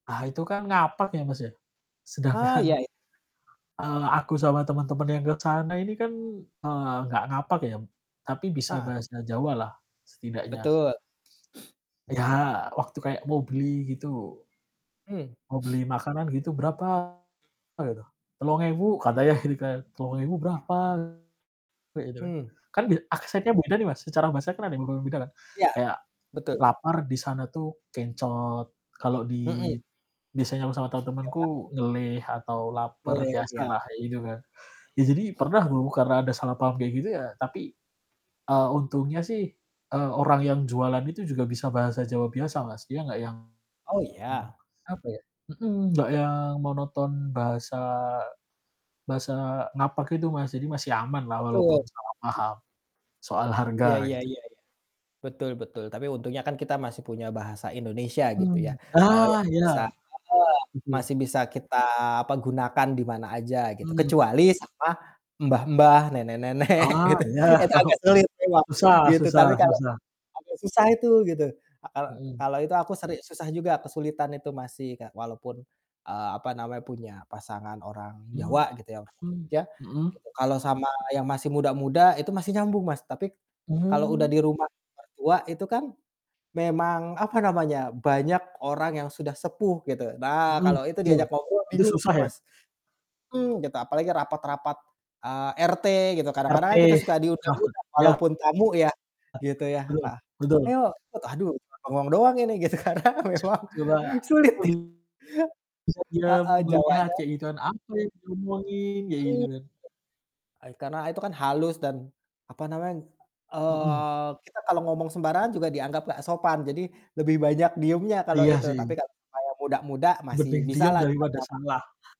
Ah, itu kan ngapak ya Mas ya, Ah, sedangkan iya. eee, aku sama teman-teman yang ke sana ini kan, eee, nggak ngapak ya, tapi bisa Heeh. bahasa Jawa lah, setidaknya. Betul. Ya waktu kayak mau beli gitu. Mmm. Mau beli makanan gitu "Berapa?" Mmm. Gitu, "Telung ewu." Iya. Katanya gitu kan, Rp3.000 Ah. berapa kayak gitu kan, Hmm. kan bia aksennya beda nih Mas, secara bahasa kan ada yang berbeda kan Iya, kayak, betul. lapar di sana tuh kencot kalau Mhm. di biasanya aku sama Iya, Kak. temen-temenku ngelih atau lapar, Boleh, ya. biasalah, kayak gitu kan. Ya Mhm. jadi pernah dong karena ada salah paham kayak gitu ya tapi, eee, untungnya sih, eee, orang yang jualan itu juga bisa bahasa Jawa biasa Mas dia nggak yang, Oh mmm, iya? apa ya mhm, nggak yang monoton bahasa bahasa ngapak itu Mas jadi masih aman lah Betul. walaupun salah paham, soal harga Iya iya gitu. iya iya, betul betul. Tapi untungnya kan kita masih punya Bahasa Indonesia gitu ya, Mmm, eee, ah! yang bisa, Iya, heeh, betul. masih bisa kita, apa, gunakan di mana aja gitu Mmm. kecuali sama, mbah-mbah nenek-nenek Ah, gitu iya, itu tau, agak sulit memang susah gitu susah tapi kalau susah. agak susah itu gitu a e Mhm. kalau itu aku seri susah juga kesulitan itu masih Kak walaupun, eee, apa namanya punya pasangan orang Jawa gitu ya orang Mmm, Jogja mhm. gitu kalau sama yang masih muda-muda itu masih nyambung Mas, tapi, kalau udah Mmm. di rumah mertua itu kan, memang, apa namanya, banyak orang yang sudah sepuh gitu. Nah Mhm, kalau itu betul, diajak ngobrol itu bingung tuh susah ya? Mas. Mmm, gitu, apalagi rapat-rapat, eee, RT gitu, kadang-kadang kan Ngerti, kita suka diundang maksud juga ya. walaupun tamu ya, Ah. gitu ya, Betul heeh, betul. "Ayo" itu aduh cuman bengong doang ini gitu karena memang Coba. sulit nih. [unintelligible] Bisa diam, me Heeh, melihat Jawanya kayak gitu kan apa yang diomongin kayak gitu Mmm, kan? ah, karena itu kan halus dan, apa namanya, Mhm. eee, kita kalau ngomong sembarangan juga dianggap nggak sopan, jadi lebih banyak diamnya kalau Iya itu tapi sih. kalau sama yang muda-muda masih Mending diam bisalah dari kita pada nyam salah.